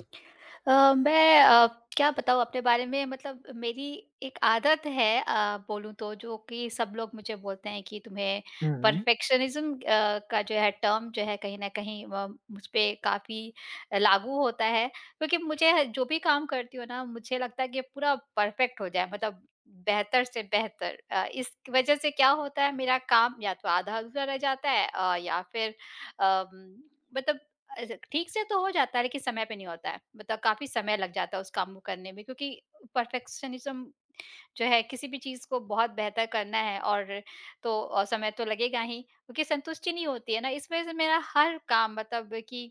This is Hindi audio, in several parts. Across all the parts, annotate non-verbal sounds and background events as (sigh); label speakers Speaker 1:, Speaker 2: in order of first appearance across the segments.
Speaker 1: अ, मैं अ, क्या बताऊँ अपने बारे में मतलब मेरी एक आदत है अ, बोलूँ तो जो कि सब लोग मुझे बोलते हैं कि तुम्हें
Speaker 2: हुँ, हुँ।
Speaker 1: परफेक्शनिज़्म अ, का जो है टर्म जो है कहीं न कहीं व मुझपे काफ़ी लागू होता है। क्योंकि मुझे ह जो भी काम करती हूँ ना मुझे लगता है कि पूरा परफेक्ट हो जाए मतलब बेहतर से बेहतर। अ, इस वजह से क्या होता है मेरा काम या तो आधा-अधूरा रह जाता है अ, या फिर अ उम, मतलब ऐसे ठीक से तो हो जाता है लेकिन समय पे नहीं होता है मतलब काफ़ी समय लग जाता है उस काम को करने में क्योंकि परफेक्शनिज़्म जो है किसी भी चीज़ को बहुत बेहतर करना है और तो अ, समय तो लगेगा ही क्योंकि संतुष्टि नहीं होती है ना। इस वजह से मेरा हर काम मतलब कि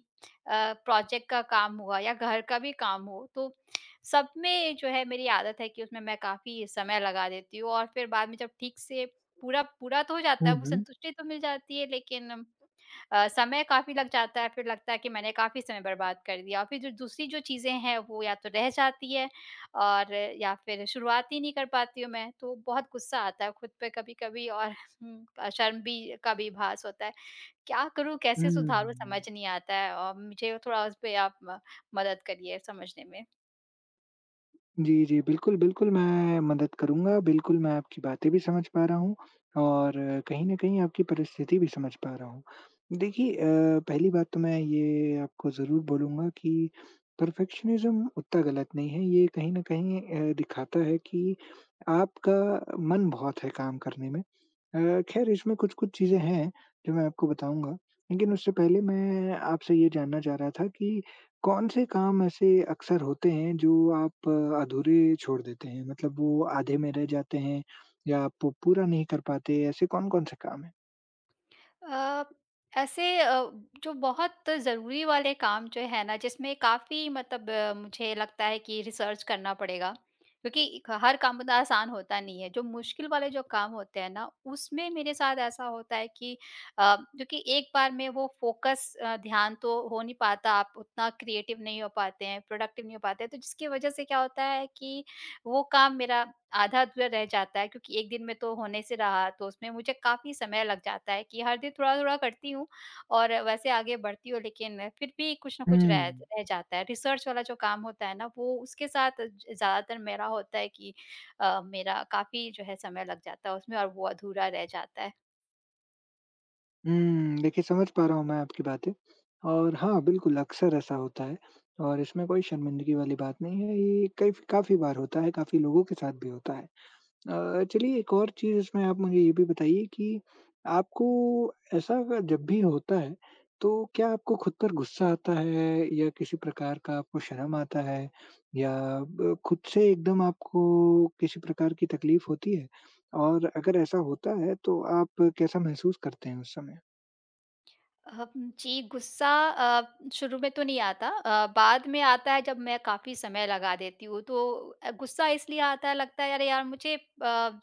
Speaker 1: अ, प्रोजेक्ट का काम हुआ या घर का भी काम हो तो सब में जो है मेरी आदत है कि उसमें मैं काफ़ी समय लगा देती हूँ और फिर बाद में जब ठीक से पूरा पूरा तो हो जाता
Speaker 2: हुँ,
Speaker 1: है वो
Speaker 2: हुँ।
Speaker 1: संतुष्टि तो मिल जाती है लेकिन अ, समय काफ़ी लग जाता है। फिर लगता है कि मैंने काफ़ी समय बर्बाद कर दिया और फिर जो दूसरी जो चीज़ें हैं वो या तो रह जाती है और या फिर शुरुआत ही नहीं कर पाती हूँ मैं, तो बहुत गुस्सा आता है खुद पे कभी-कभी और हुँ अ, शर्म भी का भी भास होता है। क्या करूँ, कैसे
Speaker 2: हुँ,
Speaker 1: सुधारूँ समझ
Speaker 2: हुँ।
Speaker 1: नहीं आता है। औ मुझे थोड़ा उस पे आप म मदद करिए समझने में।
Speaker 2: जी, जी, बिल्कुल, बिल्कुल, मैं मदद करूँगा। बिल्कुल, मैं आपकी बातें भी समझ पा रहा हूँ और कहीं न कहीं आपकी परिस्थिति भी समझ पा रहा हूँ। देखिए अ, पहली बात तो मैं ये आपको ज़रूर बोलूँगा कि परफ़ेक्शनिज़्म उतना गलत नहीं है, ये कहीं न कहीं अ, दिखाता है कि आपका मन बहुत है काम करने में। अ, खैर, इसमें कुछ-कुछ चीज़ें हैं, जो मैं आपको बताऊँगा। लेकिन उससे पहले मैं आपसे ये जानना चाह रहा था कि कौन से काम ऐसे अक्सर होते हैं, जो आप अधूरे छोड़ देते हैं, मतलब वो आधे में रह जाते हैं या आप पू पूरा नहीं कर पाते? ऐसे कौन-कौन से काम हैं?
Speaker 1: अ, ऐसे अ, जो बहुत ज़रूरी वाले काम जो हैं ना, जिसमें काफ़ी मतलब मुझे लगता है कि रिसर्च करना पड़ेगा, क्योंकि इक् हर काम इतना आसान होता नहीं है। जो मुश्किल वाले जो काम होते हैं ना, उसमें मेरे साथ ऐसा होता है कि अ, क्योंकि एक बार में वो फ़ोकस अ, ध्यान तो हो नहीं पाता, आप उतना क्रिएटिव नहीं हो पाते हैं, प्रोडक्टिव नहीं हो पाते हैं, तो जिसकी वजह से क्या होता है कि वो काम मेरा आधा-अधूरा रह जाता है, क्योंकि 1 दिन में तो होने से रहा। तो उसमें मुझे काफ़ी समय लग जाता है कि हर दिन थोड़ा-थोड़ा करती हूँ और वैसे आगे बढ़ती हूँ, लेकिन फिर भी कुछ ना कुछ रह
Speaker 2: हुँ।
Speaker 1: रह जाता है। रिसर्च वाला जो काम होता है ना, वो उसके साथ ज ज़्यादातर मेरा होता है कि अ, मेरा काफ़ी जो है, समय लग जाता है उसमें और वो अधूरा रह जाता है।
Speaker 2: हुँ। देखिए समझ पा रहा हूँ मैं आपकी बातें और हाँ बिल्कुल अक्सर ऐसा होता है। और इसमें कोई शर्मिंदगी वाली बात नहीं हैं, ये कई फ़ काफ़ी बार होता है, काफ़ी लोगों के साथ भी होता है। अ, चलिए एक और चीज़ इसमें आप मुझे ये भी बताइए, कि आपको ऐसा अ, जब भी होता है तो क्या आपको खुद पर गुस्सा आता है या किसी प्रकार का आपको शर्म आता है? या ब खुद से एकदम आपको किसी प्रकार की तकलीफ़ होती है? और अगर ऐसा होता है तो आप कैसा महसूस करते हैं उस समय?
Speaker 1: अह, जी गुस्सा अ, शुरू में तो नहीं आता। अ, बाद में आता है जब मैं काफ़ी समय लगा देती हूँ तो अ, गुस्सा इसलिए आता है लगता है अरे यार मुझे अ,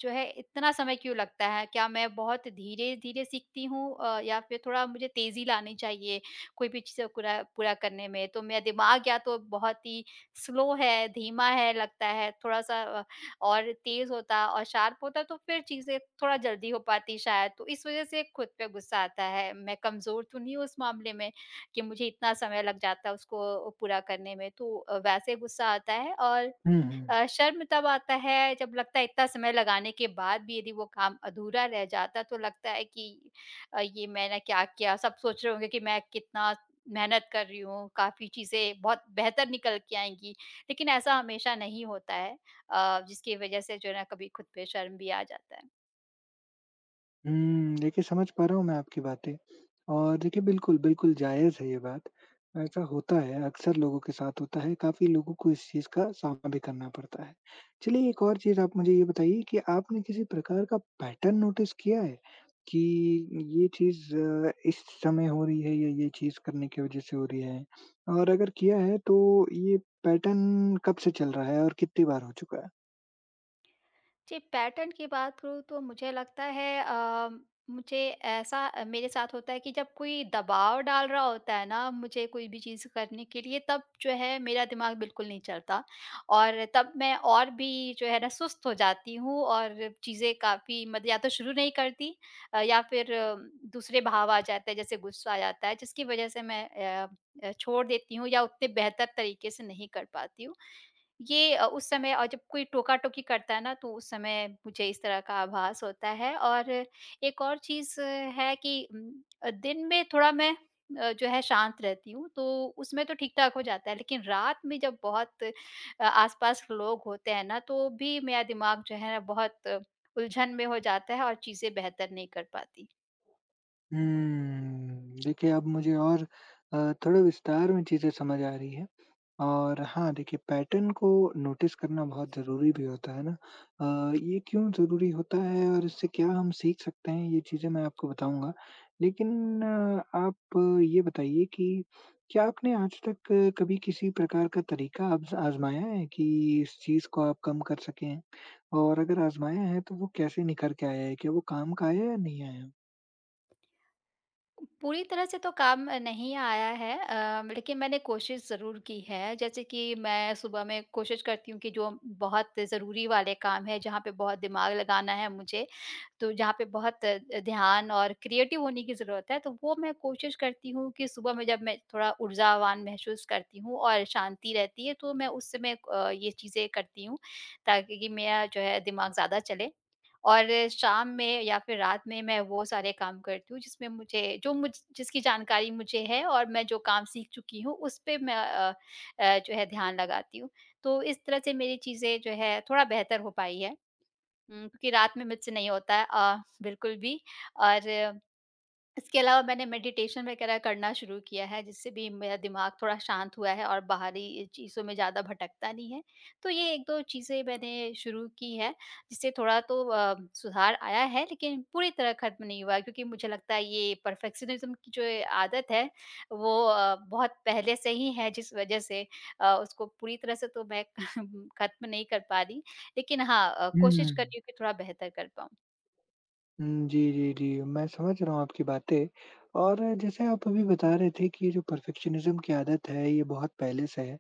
Speaker 1: जो है इतना समय क्यों लगता है? क्या मैं बहुत धीरे-धीरे सीखती हूँ अ, या फिर थोड़ा मुझे तेज़ी लानी चाहिए कोई भी चीज़ें कूरा पूरा करने में? तो मेरा दिमाग या तो बहुत ही स्लो है, धीमा है लगता है थोड़ा-सा अ, और तेज़ होता और शार्प होता तो फिर चीज़ें थोड़ा जल्दी हो पाती शायद। तो इस वज़ह से खुद पे गुस्सा आता है। मैं कमज़ोर तो नहीं हूँ उस मामले में कि मुझे इतना समय लग जाता है उसको पूरा करने में। तो अ, वैसे गुस्सा आता है और
Speaker 2: हुँ, हुँ।
Speaker 1: अ, शर्म तब आता है जब लगता है इत्ता समय लगाने के बाद भी यदि वो काम अधूरा रह जाता तो लगता है कि अ, ये मैंने क्या किया? सब सोच रहे होंगे कि मैं कितना मेहनत कर रही हूँ, काफ़ी चीज़ें बहुत बेहतर निकल के आएँगी। लेकिन ऐसा हमेशा नहीं होता है अ, जिसकी वज़ह से जो है ना कभी खुद पे शर्म भी आ जाता है।
Speaker 2: हुँ, देखिए, समझ पा रहा हूँ मैं आपकी बातें और देखिए, बिल्कुल, बिल्कुल जायज़ है ये बात, ऐसा होता है अक्सर लोगों के साथ होता है, काफ़ी लोगों को इस चीज़ का सामना भी करना पड़ता है। चलिए एक और चीज़ आप मुझे ये बताइए कि आपने किसी प्रकार का पैटर्न नोटिस किया है? कि, ये चीज़ अ, इस समय हो रही है, ये ये चीज़ करने की वजह से हो रही है (sniffs) और अगर किया है तो ये पैटर्न कब से चल रहा है और कितनी बार हो चुका है?
Speaker 1: जी, पैटर्न की बात करूँ तो मुझे लगता है अ, मुझे ऐसा मेरे साथ होता है कि जब कोई दबाव डाल रहा होता है ना, मुझे कोई भी चीज़ करने के लिए तब जो है मेरा दिमाग बिल्कुल नहीं चलता। और तब मैं और भी जो है ना सुस्त हो जाती हूँ और चीज़ें काफ़ी मद या तो शुरू नहीं करती अ, या फिर दूसरे भाव आ जाते हैं, जैसे ग़ुस्सा आ जाता है जिसकी वजह से मैं अ अ, छोड़ देती हूँ या उतने बेहतर तरीके से नहीं कर पाती हूँ। ये अ, उस समय अ, जब कोई टोका-टोकी करता है ना, तो उस समय मुझे इस तरह का आभास होता है और एक और चीज़ है कि, दिन में थोड़ा मैं अ, जो है शांत रहती हूँ, तो उसमें तो ठीक-ठाक हो जाता है लेकिन रात में जब बहुत अ, आस-पास लोग होते हैं ना तो भी मेरा दिमाग जो है ना बहुत उलझन में हो जाता है और चीज़ें बेहतर नहीं कर पाती।
Speaker 2: हम्म, देखिए अब मुझे और अ, थोड़ा विस्तार में चीज़ें समझ आ रही है। और हाँ, देखिए पैटर्न को नोटिस करना बहुत ज़रूरी भी होता है ना? अ, ये क्यों ज़रूरी होता है और इससे क्या हम सीख सकते हैं ये चीज़ें मैं आपको बताऊँगा लेकिन आप ये बताइए कि क्या आपने आज तक कभी किसी प्रकार का तरीका आज़ आज़माया है कि इस चीज़ को आप कम कर सकें? और अगर आज़माया है तो वो कैसे निखर के आया है कि वो काम का आया या नहीं आया?
Speaker 1: पूरी तरह से तो काम अ, नहीं आया है अ, लेकिन मैंने कोशिश ज़रूर की है जैसे कि मैं सुबह में कोशिश करती हूँ कि जो बहुत ज़रूरी वाले काम है, जहाँ पे बहुत दिमाग लगाना है मुझे तो जहाँ पे बहुत ध्यान और क्रिएटिव होने की ज़रूरत है, तो वो मैं कोशिश करती हूँ कि सुबह में जब मैं थोड़ा ऊर्जावान महसूस करती हूँ और शांति रहती है तो मैं उस समय अ, ये चीज़ें करती हूँ ताकि कि मेरा जो है दिमाग ज़्यादा चले। और शाम में या फिर रात में मैं वो सारे काम करती हूँ, जिसमें मुझे जो मुझ जिसकी जानकारी मुझे है और मैं जो काम सीख चुकी हूँ उस पे मैं अ अ, जो है ध्यान लगाती हूँ। तो इस तरह से मेरी चीज़ें जो है थोड़ा बेहतर हो पाई है उम, क्योंकि रात में मुझसे नहीं होता है अ, बिल्कुल भी और इसके अलावा मैंने मेडिटेशन वगैरह करना शुरू किया है जिससे भी मेरा दिमाग थोड़ा शांत हुआ है और बाहरी चीज़ों में ज़्यादा भटकता नहीं है। तो ये 1-2 चीज़ें मैंने शुरू की है जिससे थोड़ा तो अ, सुधार आया है लेकिन पूरी तरह खत्म नहीं हुआ है क्योंकि मुझे लगता है ये परफेक्शनिज्म की जो ये आदत है वो अ, बहुत पहले से ही है जिस वजह से अ, उसको पूरी तरह से तो मैं (chuckles) खत्म नहीं कर पा रही लेकिन हाँ, अ,
Speaker 2: हुँ,
Speaker 1: कोशिश कर
Speaker 2: हुँ।
Speaker 1: रही हूँ कि थोड़ा बेहतर कर पाऊँ।
Speaker 2: हुँ, जी, जी, जी, मैं समझ रहा हूँ आपकी बातें और जैसे आप अभी बता रहे थे कि ये जो परफेक्शनिज़्म की आदत है ये बहुत पहले से है,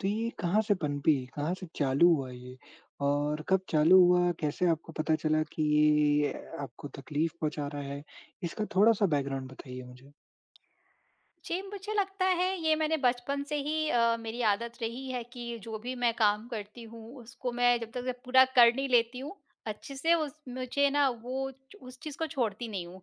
Speaker 2: तो ये कहाँ से पनपी, कहाँ से चालू हुआ ये? और कब चालू हुआ, कैसे आपको पता चला कि ये ये ये आपको तकलीफ पहुँचा रहा है? इसका थोड़ा-सा बैकग्राउंड बताइए मुझे।
Speaker 1: जी, मुझे लगता है ये मैंने बचपन से ही अ, मेरी आदत रही है कि जो भी मैं काम करती हूँ, उसको मैं जब तक पूरा कर नहीं लेती हूँ अच्छे से उस मुझे ना वो च उस चीज़ को छोड़ती नहीं हूँ।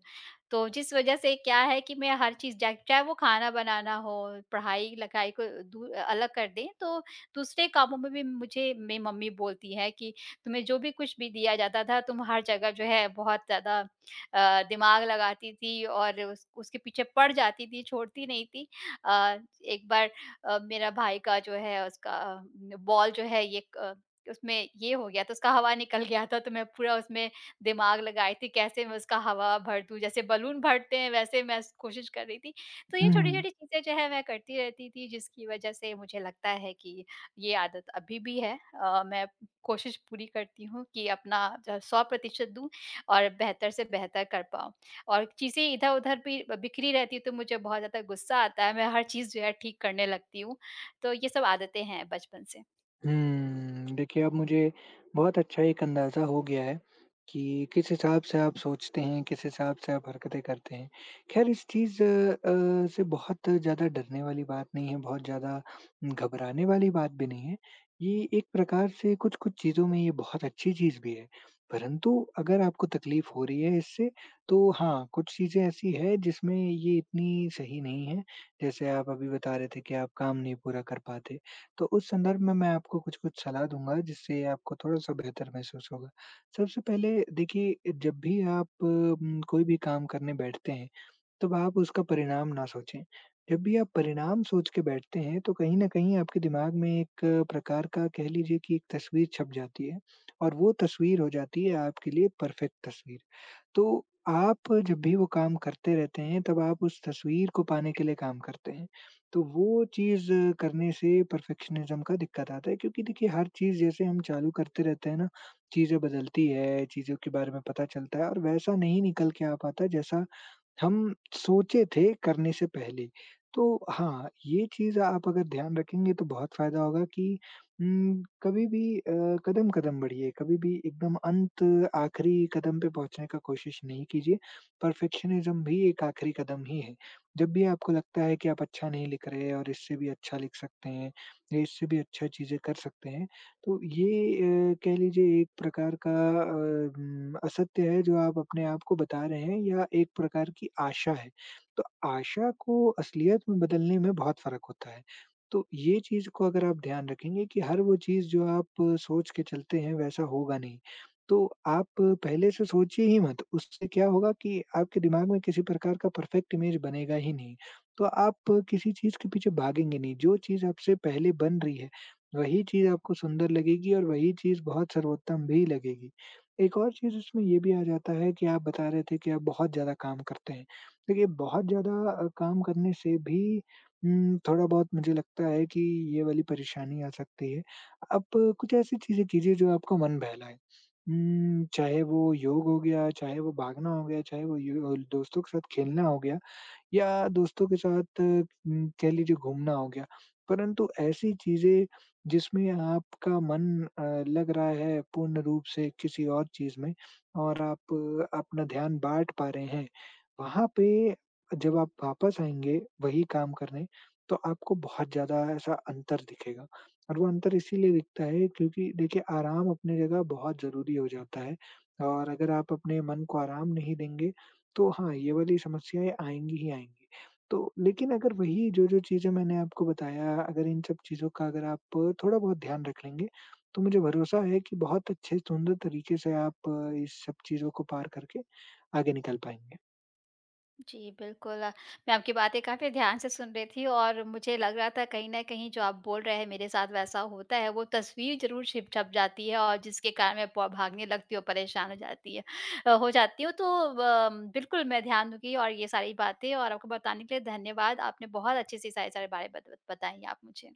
Speaker 1: तो जिस वजह से क्या है कि मैं हर चीज़ जाए चाहे वो खाना बनाना हो, पढ़ाई-लिखाई को दू अ अलग कर दें, तो दूसरे कामों में भी मुझे मेरी मम्मी बोलती है कि तुम्हें जो भी कुछ भी दिया जाता था, तुम हर जगह जो है बहुत ज़्यादा अ, दिमाग लगाती थी और उस उसके पीछे पड़ जाती थी, छोड़ती नहीं थी। अ, एक बार अ, मेरा भाई का जो है उसका बॉल जो है ये क उसमें ये हो गया, तो उसका हवा निकल गया था, तो मैं पूरा उसमें दिमाग लगाई थी, कैसे मैं उसका हवा भर दूँ, जैसे बलून भरते हैं वैसे मैं स कोशिश कर रही थी। तो ये
Speaker 2: हुँ, हुँ।
Speaker 1: छोटी-छोटी चीज़ें जो है मैं करती रहती थी जिसकी वजह से मुझे लगता है कि ये आदत अभी भी है अ, मैं कोशिश पूरी करती हूँ कि अपना जो है 100% दूँ और बेहतर से बेहतर कर पाऊँ। और चीज़ें इधर-उधर भी ब बिखरी रहती है तो मुझे बहुत ज़्यादा गुस्सा आता है, मैं हर चीज़ जो है ठीक करने लगती हूँ, तो ये सब आदतें हैं बचपन से।
Speaker 2: हम्म, देखिए, अब मुझे बहुत अच्छा एक अंदाज़ा हो गया है, कि किस हिसाब से आप सोचते हैं, किस हिसाब से आप हरकतें करते हैं। खैर इस चीज़ अ, से बहुत ज़्यादा डरने वाली बात नहीं है, बहुत ज़्यादा घबराने वाली बात भी नहीं है, ये एक प्रकार से कुछ-कुछ चीज़ों में ये बहुत अच्छी चीज़ भी है, परंतु अगर आपको तकलीफ़ हो रही है इससे तो हाँ, कुछ चीज़ें ऐसी हैं जिसमें ये इतनी सही नहीं है। जैसे आप अभी बता रहे थे कि आप काम नहीं पूरा कर पाते, तो उस संदर्भ में मैं आपको कुछ-कुछ सलाह दूँगा जिससे आपको थोड़ा-सा बेहतर महसूस होगा। सबसे पहले देखिए, जब भी आप उम, कोई भी काम करने बैठते हैं, तब आप उसका परिणाम ना सोचें, जब भी आप परिणाम सोच के बैठते हैं, तो कहीं न कहीं आपके दिमाग में एक प्रकार का कह लीजिए कि एक तस्वीर छप जाती है और वो तस्वीर हो जाती है आपके लिए परफेक्ट तस्वीर। तो, आप जब भी वो काम करते रहते हैं, तब आप उस तस्वीर को पाने के लिए काम करते हैं, तो वो चीज़ करने से परफेक्शनिज़्म का दिक्कत आता है, क्योंकि देखिए हर चीज़ जैसे हम चालू करते रहते हैं ना, चीज़ें बदलती है, चीज़ों के बारे में पता चलता है और वैसा नहीं निकल के आ पाता जैसा हम सोचे थे करने से पहले। तो हाँ, ये चीज़ आप अगर ध्यान रखेंगे तो बहुत फायदा होगा कि उम, कभी भी अ, कदम-कदम बढ़िए, कभी भी एकदम अंत आखिरी कदम पे पहुँचने का कोशिश नहीं कीजिए, परफेक्शनिज़्म भी एक आखिरी कदम ही है। जब भी आपको लगता है कि आप अच्छा नहीं लिख रहे हैं और इससे भी अच्छा लिख सकते हैं या इससे भी अच्छा चीज़ें कर सकते हैं, तो ये अ, कह लीजिए एक प्रकार का अ, उम, असत्य है जो आप अपने आप को बता रहे हैं या एक प्रकार की आशा है, तो आशा को असलियत में बदलने में बहुत फर्क होता है। तो ये चीज़ को अगर आप ध्यान रखेंगे कि हर वो चीज़ जो आप सोच के चलते हैं, वैसा होगा नहीं, तो आप पहले से सोचिए ही मत, उससे क्या होगा कि आपके दिमाग में किसी प्रकार का परफेक्ट इमेज़ बनेगा ही नहीं। तो आप किसी चीज़ के पीछे भागेंगे नहीं, जो चीज़ आपसे पहले बन रही है, वही चीज़ आपको सुंदर लगेगी और वही चीज़ बहुत सर्वोत्तम भी लगेगी। एक और चीज़ इसमें ये भी आ जाता है कि आप बता रहे थे कि आप बहुत ज़्यादा काम करते हैं, देखिए, बहुत ज़्यादा अ, काम करने से भी उम, थोड़ा-बहुत मुझे लगता है कि ये वाली परेशानी आ सकती है। अब कुछ ऐसी चीज़ें कीजिए जो आपको मन बहलाए, उम, चाहे वो योग हो गया, चाहे वो भागना हो गया, चाहे वो यू होल दोस्तों के साथ खेलना हो गया या दोस्तों के साथ उम, कह लीजिए घूमना हो गया। परंतु ऐसी चीज़ें जिसमें आपका मन अ, लग रहा है पूर्ण रूप से किसी और चीज़ में और आप अपना ध्यान बाँट पा रहे हैं, वहाँ पे जब आप वापस आएँगे वही काम करने तो आपको बहुत ज़्यादा ऐसा अंतर दिखेगा और वो अंतर इसीलिए दिखता है क्योंकि देखिए, आराम अपनी जगह बहुत ज़रूरी हो जाता है। और अगर आप अपने मन को आराम नहीं देंगे, तो हाँ, ये वाली समस्याएँ आएँगी ही आएँगी। तो, लेकिन अगर वही जो-जो चीज़ें मैंने आपको बताया अगर इन सब चीज़ों का अगर आप थोड़ा-बहुत ध्यान रख लेंगे, तो मुझे भरोसा है कि बहुत अच्छे सुंदर तरीके से आप इस सब चीज़ों को पार करके आगे निकल पाएँगे।
Speaker 1: जी, बिल्कुल, मैं आपकी बातें काफ़ी ध्यान से सुन रही थी और मुझे लग रहा था कहीं न कहीं जो आप बोल रहे हैं मेरे साथ वैसा होता है, वो तस्वीर ज़रूर छिप छप जाती है और जिसके कारण मैं पो भागने लगती हूँ, परेशान हो जाती है अ, हो जाती हूँ। तो अम, बिल्कुल मैं ध्यान दूँगी और ये सारी बातें और आपको बताने के लिए धन्यवाद, आपने बहुत अच्छे से सारे सारे बारे बत बताई आप मुझे।